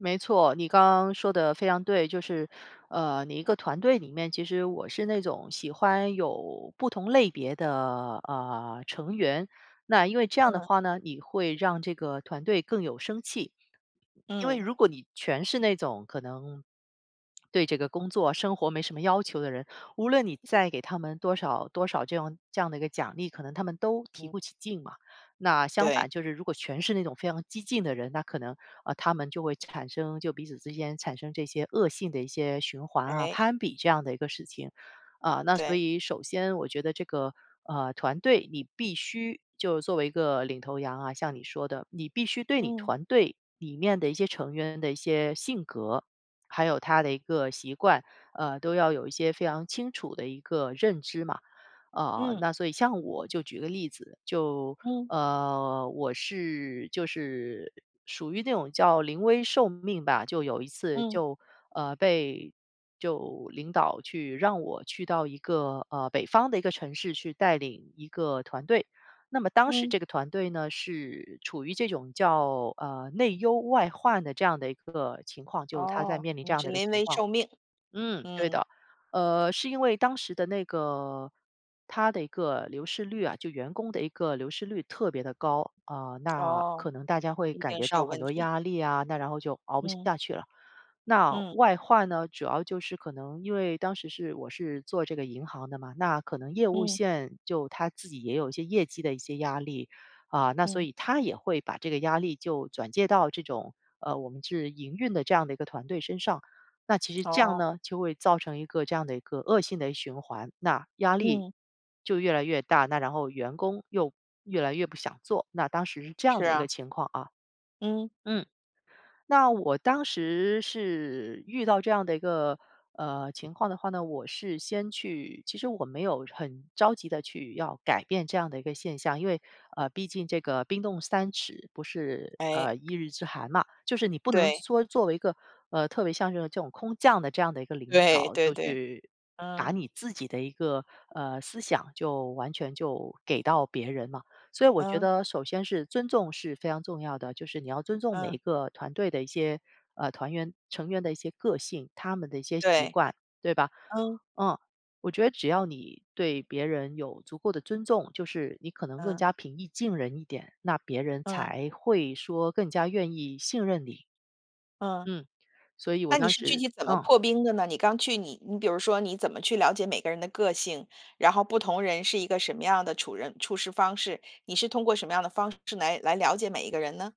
没错，你刚刚说得非常对。就是，呃，你一个团队里面，其实我是那种喜欢有不同类别的，呃，成员。那因为这样的嗯。话呢，你会让这个团队更有生气。因为嗯。如果你全是那种可能，对这个工作生活没什么要求的人，无论你嗯。再给他们多少多少这样这样的一个奖励，可能他们都提嗯。不起劲嘛。那相对。反就是如果全是那种非常激进的人，那可能，呃，他们就会产生就彼此之间产生这些恶性的一些循环啊、诶。攀比这样的一个事情。嗯，那所对。以首先我觉得这个，呃，团队你必须就作为一个领头羊啊，像你说的，你必须对你嗯。团队里面的一些成员的一些性格，还有他的一个习惯，嗯，都要有一些非常清楚的一个认知嘛。呃，嗯。那所以像我就举个例子，就嗯。呃，我是，就是，属于那种叫临危受命吧。就有一次嗯。就呃，被就领导去让我去到一个，呃，北方的一个城市去带领一个团队。那么当时嗯。这个团队呢，是处于这种叫，呃，内忧外患的这样的一个情况，就它在哦。面临这你样是的一个临情危况。受命。嗯，对嗯。的，呃，是因为当时的那个它的一个流失率啊，就员工的一个流失率特别地高。嗯，那哦。可能大家会一感定觉是有到很问多题。压力啊，那然后就熬不嗯。下去了。那嗯。外患呢，主要就是可能因为当时是我是做这个银行的嘛，那可能业务嗯。线就它自己也有一些业绩的一些压力。嗯，那所嗯。以它也会把这个压力就转借到这种呃，我们是营运的这样的一个团队身上。那其实这样哦。呢，就会造成一个这样的一个恶性的循环。那压力嗯。就越来越大，那然后员工又越来越不想做，那当时是这是样的一个啊。情况啊。嗯。嗯，那我当时是遇到这样的一个，呃，情况的话呢，我是先去其实我没有很着急地去要改变这样的一个现象，因为，呃，毕竟这个冰冻三尺不是诶。呃，一日之寒嘛。就是你不能对。说作为一个，呃，特别像这种这种空降的这样的一个领对，导，对就对。去把嗯。你自己的一个，呃，思想就完全就给到别人嘛。所以我觉嗯。得首先是尊重是非常重要的，就是你要尊重每嗯。个团队的一些，呃，团员成员的一些个性，他们的一些习对。惯，对吧？嗯。嗯。我觉得只要你对别人有足够的尊重，就是你可能更嗯。加平易近人一点，那别人嗯。才会说更加愿意信任你。嗯。嗯，所以我那你当是具时体怎么嗯。破冰的呢？你刚去，你你比如说，你怎么去了解每个人的个性，然后不同人是一个什么样的处人处事方式？你是通过什么样的方式来来了解每一个人呢？